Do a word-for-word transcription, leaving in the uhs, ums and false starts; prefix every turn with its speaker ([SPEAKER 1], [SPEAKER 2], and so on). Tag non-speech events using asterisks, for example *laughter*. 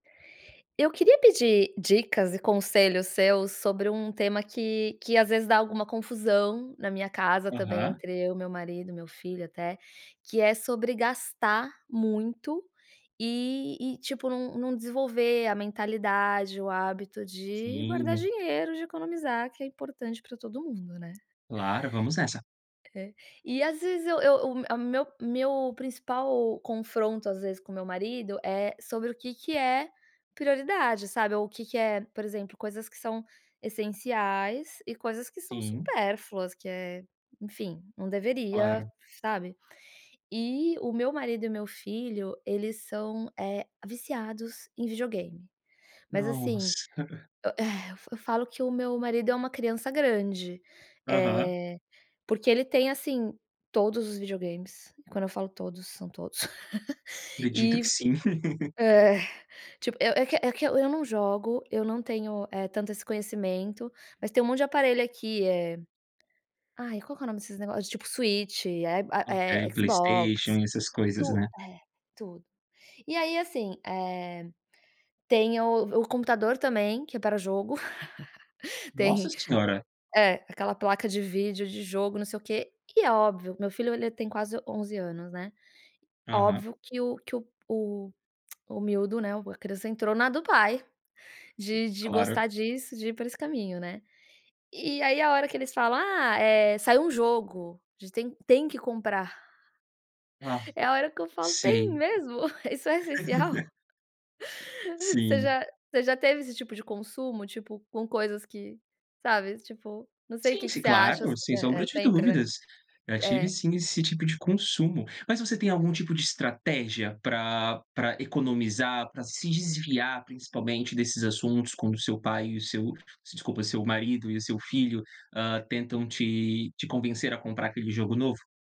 [SPEAKER 1] Eu queria pedir dicas e conselhos seus sobre um tema que que às vezes dá alguma confusão na minha casa também,
[SPEAKER 2] Aham.
[SPEAKER 1] entre eu, meu marido e meu filho até, que é sobre gastar muito e e, tipo, n não desenvolver a mentalidade, o hábito de guardar
[SPEAKER 2] Sim.
[SPEAKER 1] dinheiro, de economizar, que é importante pra todo mundo, né?
[SPEAKER 2] Claro, vamos nessa.
[SPEAKER 1] É e às vezes eu eu o meu a meu meu principal confronto às vezes com o meu marido é sobre o que que é prioridade, sabe? Ou o que que é, por exemplo, coisas que são essenciais e coisas que são
[SPEAKER 2] Sim.
[SPEAKER 1] supérfluas, que é enfim, não deveria,
[SPEAKER 2] Claro.
[SPEAKER 1] sabe? E o meu marido e o meu filho, eles são, eh, viciados em videogame, mas, assim,
[SPEAKER 2] Nossa. *giggles*
[SPEAKER 1] eh, e eu falo que o meu marido é uma criança grande,
[SPEAKER 2] Aham.
[SPEAKER 1] eh, porque ele tem assim todos os videogames, e quando eu falo todos são todos *giggles*
[SPEAKER 2] Acredito
[SPEAKER 1] e
[SPEAKER 2] que sim. *giggles*
[SPEAKER 1] é, tipo eu é que eu é que eu eu não jogo, eu não tenho, eh, tanto esse conhecimento, mas tem um monte de aparelho aqui, eh, ai qual que é nome desses negócios? Tipo Switch, eh, a
[SPEAKER 2] Okay,
[SPEAKER 1] eh, Xbox,
[SPEAKER 2] Playstation, essas coisas,
[SPEAKER 1] tu
[SPEAKER 2] né?
[SPEAKER 1] eh, tudo. E aí, assim, eh, tem o o computador também que é para jogo *chuckles* tem
[SPEAKER 2] Nossa senhora.
[SPEAKER 1] é, aquela placa de vídeo, de jogo, não sei o quê, e é óbvio, meu filho ele tem quase onze anos, né.
[SPEAKER 2] Aham.
[SPEAKER 1] Óbvio que o que o o *clicks tongue* o miúdo, né, a criança entrou na do pai de de
[SPEAKER 2] Claro.
[SPEAKER 1] gostar disso, de ir por esse caminho, né? E e aí, a hora que eles falam: “Ah, eh, saiu um jogo a gente tem tem que comprar”.
[SPEAKER 2] Ah,
[SPEAKER 1] É a hora que eu falo: "Tem
[SPEAKER 2] sei.
[SPEAKER 1] mesmo? Isso é essencial?"
[SPEAKER 2] *laughs*
[SPEAKER 1] *giggles* Você
[SPEAKER 2] Sim.
[SPEAKER 1] já você já teve esse tipo de consumo, tipo, com coisas que, sabe, tipo, não sei o
[SPEAKER 2] Sim,
[SPEAKER 1] que que
[SPEAKER 2] si
[SPEAKER 1] você acha s
[SPEAKER 2] claro, sem
[SPEAKER 1] é
[SPEAKER 2] sombra
[SPEAKER 1] é
[SPEAKER 2] de
[SPEAKER 1] sempre, né?
[SPEAKER 2] dúvidas. Já tive
[SPEAKER 1] É.
[SPEAKER 2] sim esse tipo de consumo. Mas você tem algum
[SPEAKER 1] É.
[SPEAKER 2] tipo de estratégia pra pra economizar, pra se desviar principalmente desses assuntos quando o seu pai e o seu desculpa, seu marido e o seu filho, hã, tentam te te convencer a comprar aquele jogo novo?